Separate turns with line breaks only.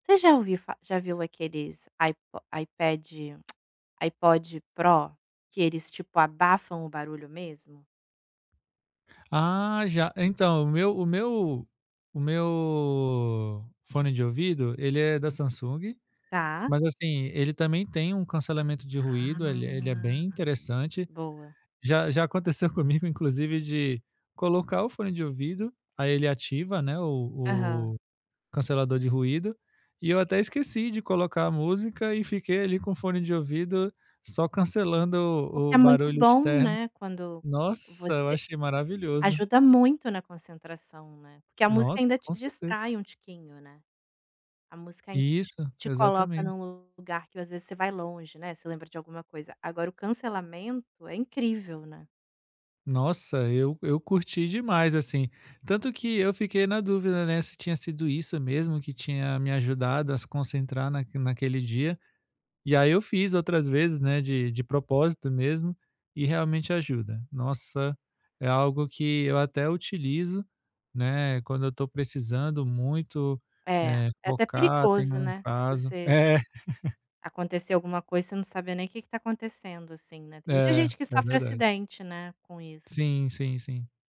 Você já ouviu fa já viu aqueles Ipo Ipad Ipod Pró, que eles tipo abafam o barulho mesmo?
Ah já, então, o meu o meu o meu fone de ouvido ele é da Samsung.
Tá.
Mas, assim, ele também tem um cancelamento de ruído, ele ele é
Ah,
bem interessante.
boa.
Já já aconteceu comigo, inclusive, de colocar o fone de ouvido, aí ele ativa não é o
Aham.
o o cancelador de ruído, e eu até esqueci de colocar a música e fiquei ali com o fone de ouvido só cancelando
O que
o
é muito
barulho
bom,
externo.
né. Quando
Nossa, eu
você
achei maravilhoso.
ajuda muito na concentração, né. Que a música
Nossa,
ainda te
com certeza.
distrai um tiquinho, né, a música ainda t
Isso,
te coloca
exatamente.
num lugar que, às vezes, você vai longe, né, você lembra de alguma coisa. Agora o cancelamento é incrível, né.
Nossa, eu eu curti demais, assim. Tanto que eu fiquei na dúvida, né, se tinha sido isso mesmo que tinha me ajudado a se concentrar naquele naquele dia. E aí, eu fiz outras vezes, né, de de propósito mesmo, e realmente ajuda. Nossa, é algo que eu até utilizo, né, quando eu estou precisando muito,
É,
eh,
é até
focar, tenho
perigoso,
um
né, se
prazo
você
é
Acontecer alguma coisa você não saber nem que que está acontecendo, assim, né. Muita
É,
gente que
é
sofre
verdade.
acidente, né, com isso.
Sim, sim, sim.